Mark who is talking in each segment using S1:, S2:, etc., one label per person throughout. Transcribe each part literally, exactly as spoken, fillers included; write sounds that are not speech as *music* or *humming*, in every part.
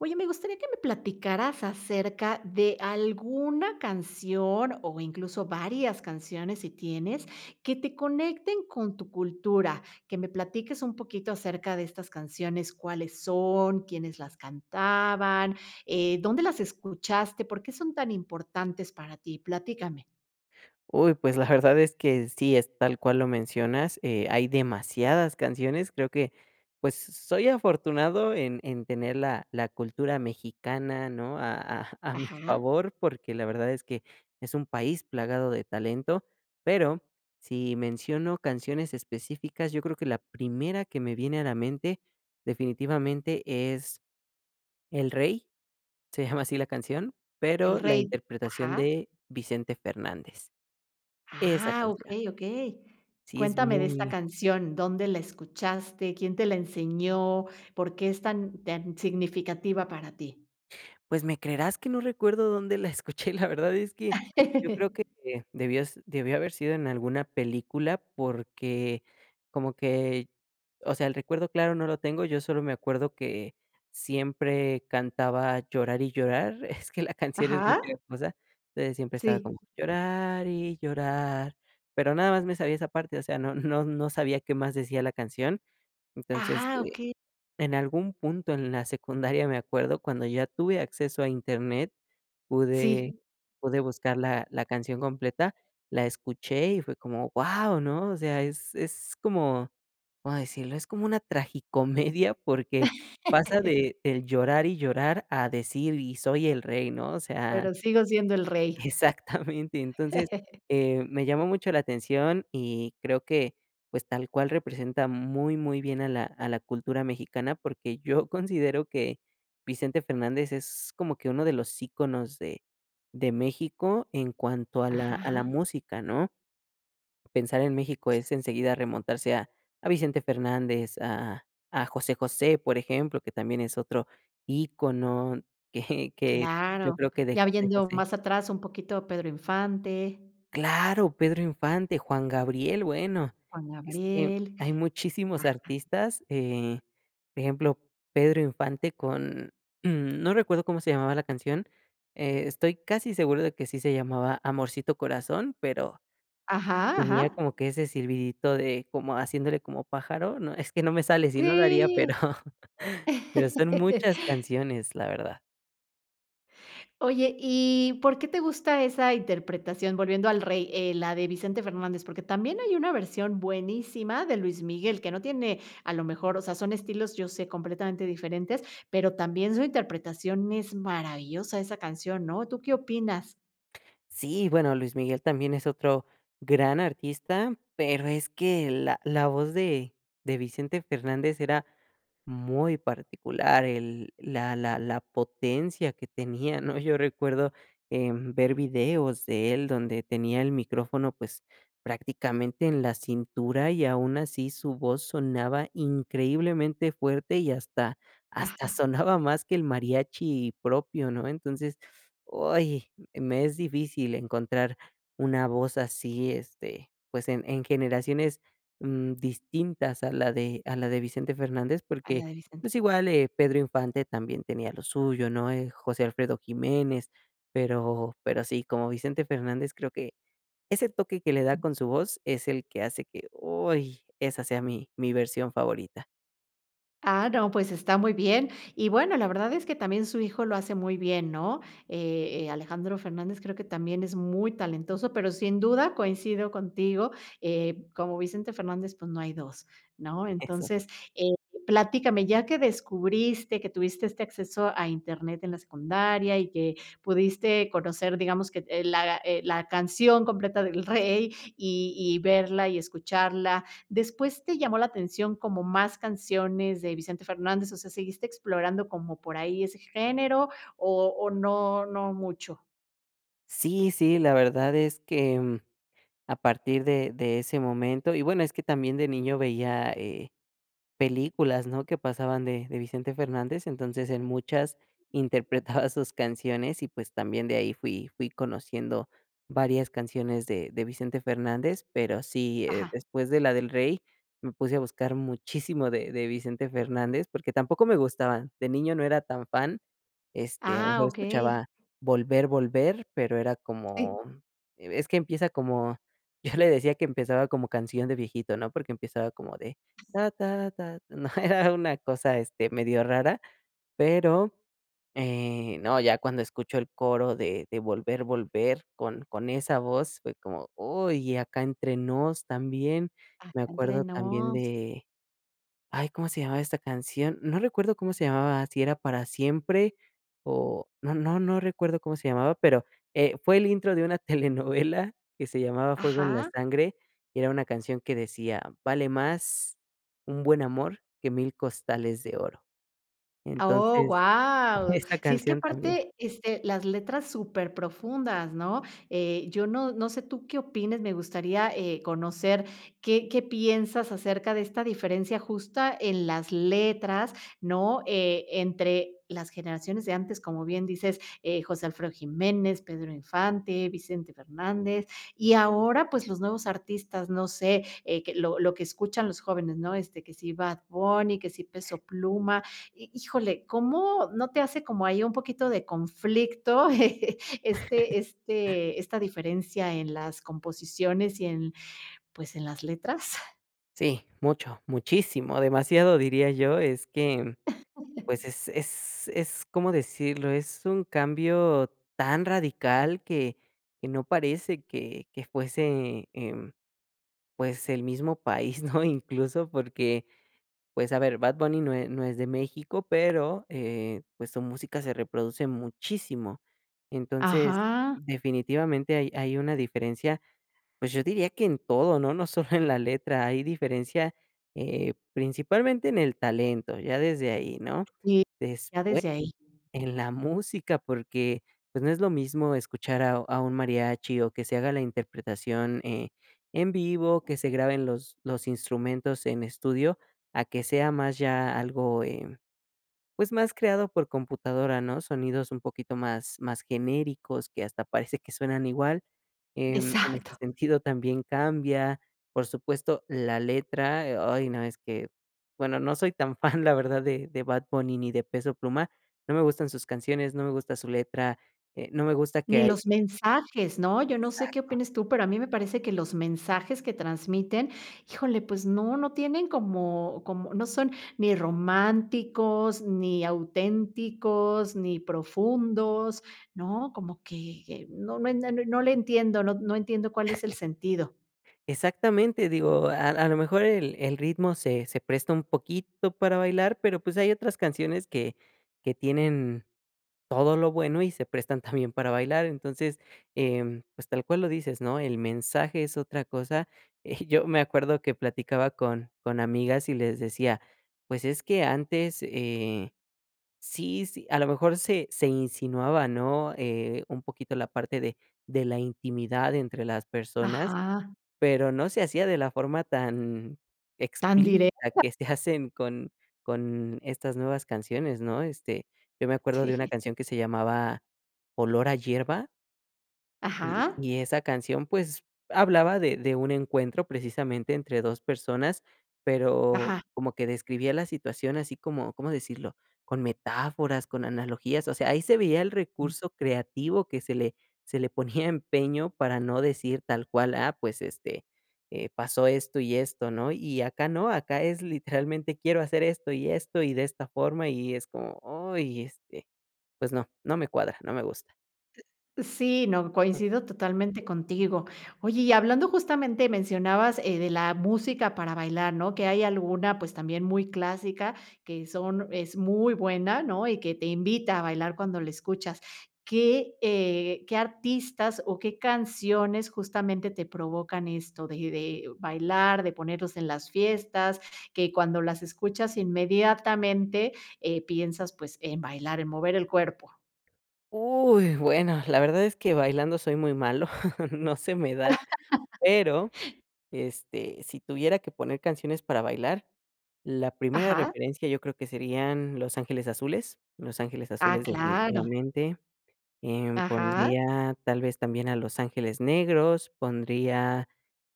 S1: Oye, me gustaría que me platicaras acerca de alguna canción o incluso varias canciones sí tienes que te conecten con tu cultura, que me platiques un poquito acerca de estas canciones, cuáles son, quiénes las cantaban, eh, dónde las escuchaste, por qué son tan importantes para ti, platícame.
S2: Uy, pues la verdad es que sí es tal cual lo mencionas. Eh, hay demasiadas canciones creo que pues, s soy afortunado en en tener la la cultura mexicana, ¿no? a a a mi
S1: Ajá.
S2: favor, porque la verdad es que es un país plagado de talento, pero si menciono canciones específicas, yo creo que la primera que me viene a la mente definitivamente es El Rey, se llama así la canción,
S1: El
S2: pero la
S1: rey,
S2: interpretación
S1: ajá.
S2: de Vicente Fernández. Esa
S1: Ah,
S2: canción.
S1: okey, okey.
S2: Sí es
S1: Cuéntame de esta
S2: muy.
S1: canción, ¿dónde la escuchaste? ¿Quién te la enseñó? ¿Por qué es tan tan significativa para ti?
S2: Pues me creerás que no recuerdo dónde la escuché. La verdad es que yo creo que,
S1: *laughs*
S2: eh, debió s debió haber sido en alguna película porque como que o sea, el recuerdo claro no lo tengo, yo solo me acuerdo que siempre cantaba Llorar y llorar, es que la canción es muy
S1: Ajá.
S2: pegajosa, eh, entonces siempre estaba
S1: Sí.
S2: como llorar y llorar, pero nada más me sabía esa parte, o sea, no no no sabía qué más decía la canción. Entonces,
S1: Ah,
S2: eh,
S1: okey.
S2: en algún punto en la secundaria me acuerdo cuando ya tuve acceso a internet pude
S1: Sí.
S2: pude buscar la la canción completa, la escuché y fue como, ¡guau! ¿no? O sea, es es como como decirlo es como una tragicomedia porque pasa
S1: *laughs*
S2: de del llorar y llorar a decir y soy el rey ¿no? O sea,
S1: Pero sigo siendo el rey.
S2: exactamente, entonces,
S1: *chuckles*
S2: eh, me llamó mucho la atención y creo que pues tal cual representa muy muy bien a la a la cultura mexicana porque yo considero que Vicente Fernández es como que uno de los íconos de de México en cuanto a la a la
S1: Ajá.
S2: música ¿no? Pensar en México es enseguida remontarse a a Vicente Fernández, a a a José José, por ejemplo, que también es otro ícono que que yo
S1: Claro,
S2: creo que de
S1: ya
S2: José
S1: habiendo
S2: José.
S1: más atrás un poquito Pedro Infante.
S2: Claro, Pedro Infante, Juan Gabriel. Bueno,
S1: Juan
S2: es que
S1: Gabriel,
S2: hay muchísimos
S1: ajá.
S2: artistas, eh, por ejemplo Pedro Infante con, mm, *clears throat* no recuerdo cómo se llamaba la canción, eh, estoy casi seguro de que sí se llamaba Amorcito Corazón, pero
S1: Ajá,
S2: tenía
S1: ajá.
S2: como que ese silbidito de como haciéndole como pájaro, no, es que no me sale, sino lo haría, pero
S1: Sí.
S2: pero son muchas
S1: *chuckles*
S2: canciones, la verdad.
S1: Oye y ¿por qué te gusta esa interpretación?, volviendo a El Rey, eh, la de Vicente Fernández, porque también hay una versión buenísima de Luis Miguel que no tiene, a lo mejor, o sea, son estilos, yo sé, completamente diferentes, pero también su interpretación, es maravillosa esa canción, ¿no?, ¿tú qué opinas?
S2: Sí, bueno Luis Miguel también es otro gran artista pero es que la la voz de de Vicente Fernández era muy particular el la la la potencia que tenía, ¿no?, yo recuerdo, em, ver videos de él donde tenía el micrófono, pues, prácticamente en la cintura y aun así su voz sonaba increíblemente fuerte y hasta hasta
S1: Ajá.
S2: sonaba más que el mariachi propio, ¿no?, entonces, ¡Uy!, me es difícil encontrar una voz así, este, pues en en generaciones, mm, distintas a la de a la de Vicente Fernández
S1: A la
S2: porque,
S1: de Vicente.
S2: pues igual, eh, Pedro Infante también tenía lo suyo, ¿no?, eh, José Alfredo Jiménez, pero pero sí, como Vicente Fernández creo que ese toque que le da con su voz es el que hace que, ¡Uy!, esa sea mi mi versión favorita.
S1: Ah, no, pues está muy bien, y bueno, la verdad es que también su hijo lo hace muy bien, ¿no?, eh eh, Alejandro Fernández creo que también es muy talentoso, pero sin duda coincido contigo, eh, como Vicente Fernández pues no hay dos, ¿no?,
S2: Eso.
S1: entonces, eh, platícame, ya que descubriste que tuviste este acceso a Internet en la secundaria y que pudiste conocer digamos que, eh, la, eh, la canción completa de El Rey y y verla y escucharla, ¿después te llamó la atención como más canciones de Vicente Fernández, o sea seguiste explorando como por ahí ese género o o no, no mucho?
S2: Sí sí, la verdad es que, mm, a partir de de ese momento, y bueno, es que también de niño veía, eh, películas, ¿no?, que pasaban de de Vicente Fernández, entonces, en muchas interpretaba sus canciones y pues también de ahí fui fui conociendo varias canciones de de Vicente Fernández pero sí, eh,
S1: Ajá.
S2: después de la de El Rey me puse a buscar muchísimo de de Vicente Fernández, porque tampoco me gustaba, de niño no era tan fan, este, a lo
S1: Ah,
S2: mejor escuchaba
S1: okey.
S2: Volver, Volver, pero era
S1: Sí.
S2: como, e es que empieza como, yo le decía que empezaba como canción de viejito, ¿no?, porque empezaba como de *humming* ¿no?, era una cosa, este, medio rara, pero, eh, no, ya cuando escucho el coro de de Volver, Volver con con esa voz, fue como: "¡Uy!", y Acá Entre Nos también, me
S1: Acá Entre
S2: acuerdo también
S1: Nos.
S2: de, ay, ¿cómo se llamaba esta canción?, no recuerdo cómo se llamaba, si era Para Siempre o no no no recuerdo cómo se llamaba, pero, eh, fue el intro de una telenovela que se llamaba Fuego En La
S1: Ajá.
S2: Sangre, y era una canción que decía: "Vale más un buen amor que mil costales de oro",
S1: Oh
S2: entonces
S1: wao,
S2: esa
S1: sí, es que
S2: canción también.
S1: aparte, este, las letras súper profundas, ¿no?, eh yo no no sé tú qué opines, me gustaría, eh, conocer qué qué piensas acerca de esta diferencia justa en las letras, ¿no?, eh, entre las generaciones de antes, como bien dices, eh, José Alfredo Jiménez, Pedro Infante, Vicente Fernández, y ahora, pues los nuevos artistas, no sé, eh, que lo lo que escuchan los jóvenes, ¿no?, este, que si Bad Bunny, que si Peso Pluma, hi híjole, ¿cómo no te hace como ahí un poquito de conflicto *chuckles*
S2: *chuckles*
S1: este este esta diferencia en las composiciones y en pues en las letras?
S2: Sí, mucho, muchísimo, demasiado diría yo, es que mm pues
S1: *laughs*
S2: es es es, ¿cómo decirlo? Es un cambio tan radical que que no parece que que fuese, em, pues, el mismo país, ¿no? Incluso porque, pues, a ver, Bad Bunny no e no es de México, pero, eh, pues, su música se reproduce muchísimo. Entonces,
S1: Ajá.
S2: definitivamente hay hay una diferencia, pues yo diría que en todo, ¿no? No solo en la letra, hay diferencia, eh, principalmente en el talento, ya desde ahí, ¿no?
S1: Y,
S2: Después
S1: ya desde ahí.
S2: en la música, porque, pues, no es lo mismo escuchar a un a un mariachi o que se haga la interpretación, eh, en vivo, que se graben los los instrumentos en estudio, a que sea más ya algo, eh, pues, más creado por computadora, ¿no? sonidos un poquito más más genéricos que hasta parece que suenan igual. Em, en este
S1: Exacto.
S2: sentido también cambia, por supuesto, la letra. Eh, ay, no, es que, bueno, no soy tan fan, la verdad, de de Bad Bunny ni de Peso Pluma. No me gustan sus canciones, no me gusta su letra, eh, no me gusta que
S1: Ni
S2: hay
S1: los mensajes, ¿no? Yo no sé qué
S2: Exacto.
S1: opines tú pero a mí me parece que los mensajes que transmiten, híjole, pues no no tienen como como no son ni románticos, ni auténticos, ni profundos, ¿no?, como que no no no le entiendo, no no entiendo cuál es el
S2: *laughs*
S1: sentido.
S2: Exactamente, digo, a a lo mejor el el ritmo se se presta un poquito para bailar, pero pues hay otras canciones que que tienen todo lo bueno y se prestan también *chuckles* para bailar. Entonces, eh, pues tal cual lo dices ¿no? El mensaje es otra cosa. Eh, yo *chuckles* me acuerdo que platicaba con con amigas y les decía, pues es que antes, eh sí sí a lo mejor se se insinuaba ¿no?, eh, un poquito la parte de de la intimidad entre las personas,
S1: Ajá.
S2: pero no se hacía de la forma tan
S1: Tan
S2: explícita
S1: directa.
S2: que se hacen con con estas nuevas canciones, ¿no? Este, yo me acuerdo de una
S1: Sí.
S2: canción que se llamaba Olor a Hierba y
S1: Ajá.
S2: y esa canción pues hablaba de de un encuentro precisamente entre dos personas pero
S1: Ajá.
S2: como que describía la situación así como, ¿cómo decirlo? con metáforas, con analogías. O sea, ahí se veía el recurso creativo que se le se le ponía empeño para no decir tal cual: "Ah pues este pasó esto y esto ¿no?". Y acá no, acá es literalmente quiero hacer esto y esto y de esta forma y es como, ¡ay! Este, pues, no, no me cuadra. No me gusta.
S1: Sí, no, coincido totalmente contigo. Oye y hablando justamente mencionabas eh de la música para bailar ¿no?, que hay alguna pues también muy clásica que son es muy buena ¿no?, y que te invita a bailar cuando la escuchas. ¿Qué, eh, qué artistas o qué canciones justamente te provocan esto de de bailar, de ponerlos en las fiestas? Que cuando las escuchas inmediatamente, eh piensas pues en bailar, en mover el cuerpo.
S2: Uy, bueno, la verdad es que bailando soy muy malo, *chuckles* no se me da,
S1: *laughs*
S2: pero este si tuviera que poner canciones para bailar, la primera
S1: Ajá.
S2: referencia yo creo que serían Los Ángeles Azules, Los Ángeles
S1: Ah,
S2: Azules
S1: claro.
S2: definitivamente, em,
S1: Ajá.
S2: pondría tal vez también a Los Ángeles Negros, pondría,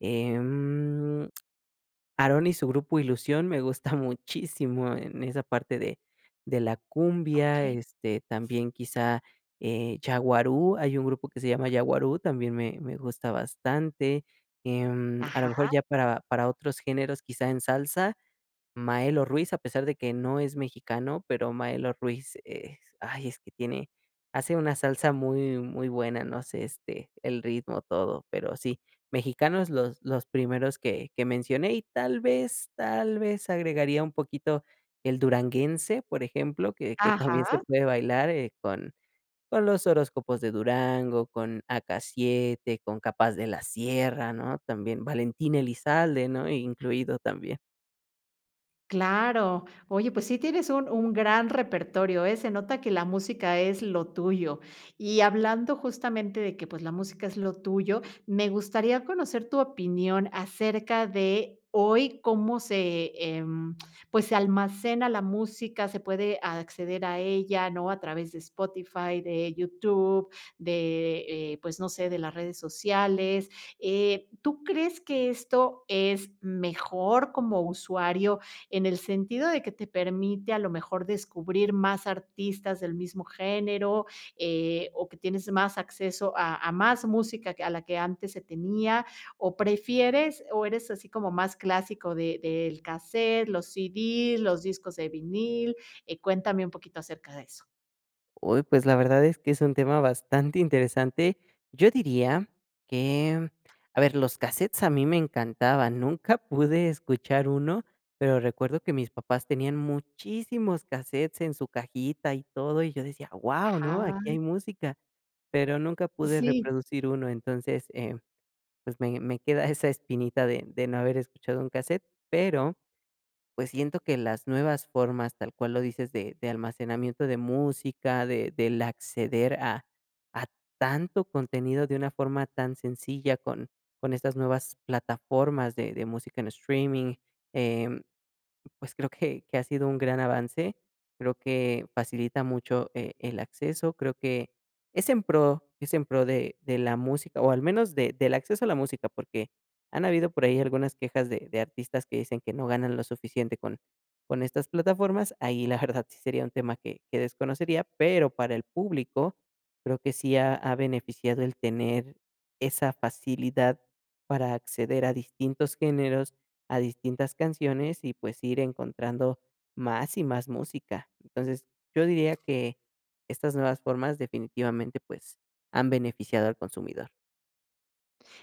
S2: em, Aarón y su grupo Ilusión me gusta muchísimo en esa parte de de la cumbia,
S1: Okey.
S2: este también quizá, eh, Yaguarú, hay un grupo que se llama Yaguarú, también me me gusta bastante. Em, a lo
S1: Ajá.
S2: mejor ya para para otros géneros quizá en salsa, Maelo Ruiz, a pesar de que no es mexicano, pero Maelo Ruiz es, ay es que tiene hace una salsa muy, muy buena, no sé, este, el ritmo, todo, pero sí. Mexicano los los primeros que que mencioné y tal vez tal vez agregaría un poquito el duranguense, por ejemplo, que que también se
S1: Ajá.
S2: puede bailar, eh, con con Los Horóscopos de Durango, con AK-7, con K-Paz de la Sierra, ¿no?, también Valentín Elizalde, ¿no?, incluido también.
S1: Claro. Oye, pues sí tienes un un gran repertorio, ¿eh?, se nota que la música es lo tuyo. Y hablando justamente de que, pues, la música es lo tuyo, me gustaría conocer tu opinión acerca de hoy cómo se, em, pues, se almacena la música, se puede acceder a ella, ¿no?, a través de Spotify, de YouTube, de, eh, pues, no sé, de las redes sociales, eh, ¿tú crees que esto es mejor como usuario, en el sentido de que te permite a lo mejor descubrir más artistas del mismo género, eh, o que tienes más acceso a a más música que a la que antes se tenía, o prefieres o eres así como más clásico de del cassette, los CD, los discos de vinil, eh, cuéntame un poquito acerca de eso?
S2: Uy, pues, la verdad es que es un tema bastante interesante. Yo diría que, a ver, los cassette a mí me encantaban. Nunca *giggles* pude escuchar uno, pero recuerdo que mis papás tenían muchísimos cassette en su cajita y todo, y yo decía: "¡Guau!, ¿no?,
S1: Ajá.
S2: aquí hay música", pero, nunca pude
S1: Sí.
S2: reproducir uno. Entonces, eh, pues, me me queda esa espinita de de no haber escuchado un cassette, pero, pues, siento que las nuevas formas, tal cual lo dices, de de almacenamiento de música, de del acceder a a tanto contenido de una forma tan sencilla con con estas nuevas plataformas de de música en streaming, em, pues, creo que que ha sido un gran avance, creo que facilita mucho e el acceso, creo que, es en pro, es en pro de de la música, o al menos de del acceso a la música, porque han habido por ahí algunas quejas de de artistas que dicen que no ganan lo suficiente con con estas plataformas. Ahí la *giggles* verdad sí sería un tema que que desconocería. Pero, para el público creo que sí ha ha beneficiado el tener esa facilidad para acceder a distintos géneros, a distintas canciones, y pues, ir encontrando más y más música. Entonces, yo diría que estas nuevas formas definitivamente, pues, han beneficiado al consumidor.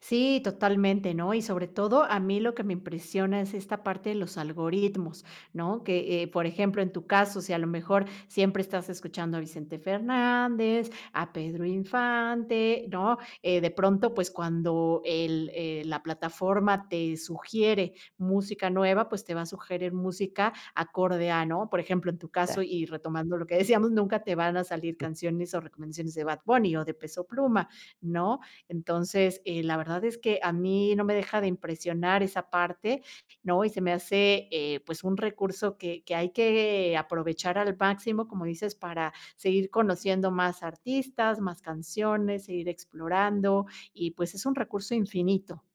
S1: Sí, totalmente, ¿no? Y sobre todo a mí lo que me impresiona es esta parte de los algoritmos, ¿no? Que, eh por ejemplo, en tu caso, si a lo mejor siempre estás escuchando a Vicente Fernández, a Pedro Infante, ¿no?, eh de pronto, pues cuando el eh, la plataforma te sugiere música nueva, pues, te va a sugerer música acorde a ¿no? Por ejemplo, en tu
S2: *unintelligible*
S1: caso y retomando lo que decíamos, nunca te van a salir
S2: *unintelligible*
S1: canciones, o recomendaciones de Bad Bunny, o de Peso Pluma, ¿no? Entonces, eh, la verdad es que a mí no me deja de impresionar esa parte, ¿no? Y se me hace, eh, pues, un recurso que que hay que aprovechar al máximo, como dices, para seguir conociendo más artistas, más canciones, seguir explorando, y pues, es un recurso infinito.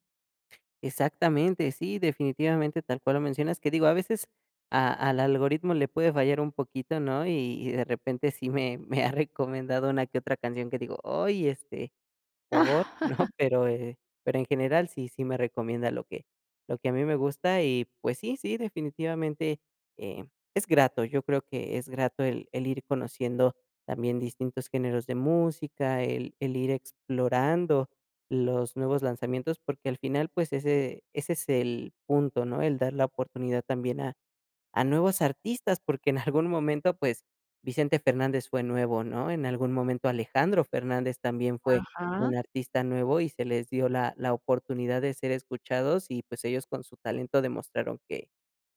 S2: Exactamente. Sí, definitivamente tal cual lo mencionas, que digo a veces a al algoritmo le puede fallar un poquito ¿no? Y y de repente sí me me ha recomendado una que otra canción que digo, "¡Oy!, este, ¿por?", ¿no?
S1: *laughs*
S2: Pero eh pero en general sí sí me recomienda lo que lo que a mí me gusta y, pues, sí, sí, definitivamente eh, es grato. Yo creo que es grato el el ir conociendo también distintos géneros de música, el el ir explorando los nuevos lanzamientos, porque al final, pues, ese ese es el punto, ¿no? El dar la oportunidad también a a nuevos artistas, porque en algún momento, pues, Vicente Fernández fue nuevo, ¿no? En algún momento Alejandro Fernández también fue
S1: Ajá.
S2: un artista nuevo, y se les dio la la oportunidad de ser escuchados y, pues, ellos con su talento demostraron que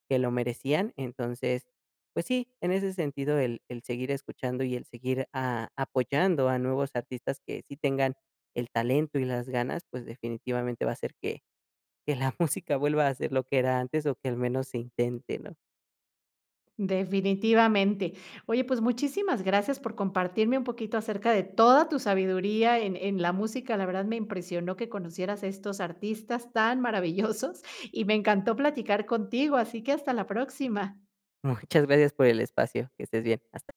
S2: que lo merecían. Entonces, pues sí, en ese sentido el el seguir escuchando, y el seguir a apoyando a nuevos artistas que sí tengan el talento y las ganas, pues, definitivamente va a hacer que que la música vuelva a ser lo que era antes, o que al menos se intente, ¿no?
S1: Definitivamente. Oye, pues, muchísimas gracias por compartirme un poquito acerca de toda tu sabiduría en en la música, la verdad me impresionó que conocieras estos artistas tan maravillosos y me encantó platicar contigo, así que hasta la próxima.
S2: Muchas gracias por el espacio. Que estés bien. Hasta